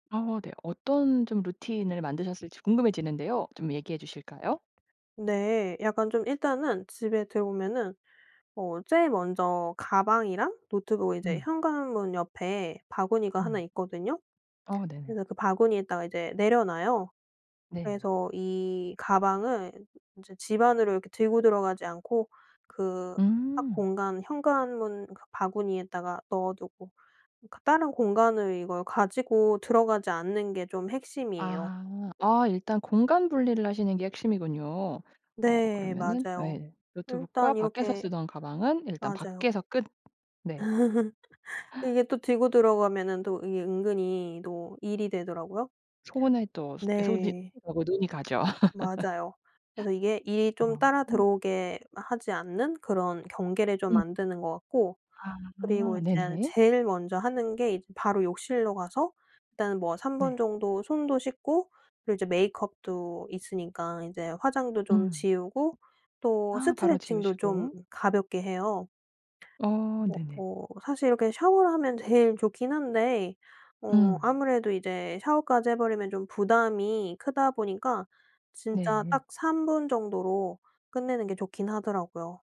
아. 네. 어떤 좀 루틴을 만드셨을지 궁금해지는데요. 좀 얘기해 주실까요? 네. 약간 좀 일단은 집에 들어오면은 어 제일 먼저 가방이랑 노트북 이제 음. 현관문 옆에 바구니가 하나 음. 있거든요. 어. 네네. 그래서 그 바구니에다가 이제 내려놔요. 네. 그래서 이 가방은 인제 집안으로 이렇게 들고 들어가지 않고 그 각 음. 공간 현관문 그 바구니에다가 넣어두고 그 다른 공간을 이걸 가지고 들어가지 않는 게 좀 핵심이에요. 아. 아. 일단 공간 분리를 하시는 게 핵심이군요. 어 네. 그러면은 맞아요. 예. 노트북과 일단 밖에서 이렇게 쓰던 가방은 일단 맞아요. 밖에서 끝 네. 이게 또 들고 들어가면은 또 이게 은근히 또 일이 되더라고요. 손에 또. 소 손이. 네. 어. 뭐. 눈이 가죠. 맞아요. 그래서 이게 일이 좀 아. 따라 흠. 들어오게 하지 않는 그런 경계를 좀 음. 만드는 것 같고 그리고 아. 이제 네네. 제일 먼저 하는 게 이제 바로 욕실로 가서 일단은 뭐 3 분 네. 정도 손도 씻고 그리고 이제 메이크업도 있으니까 인제 화장도 좀 음. 지우고 또 아. 바로 스트레칭도 좀 지우시고 가볍게 해요. 이거 어. 뭐 네네. 뭐 사실 이렇게 샤워를 하면 제일 좋긴 한데, 어. 음. 아무래도 이제 샤워까지 해 버리면 좀 부담이 크다 보니까 진짜 네. 딱 3 정도로 끝내는 게 좋긴 하더라고요.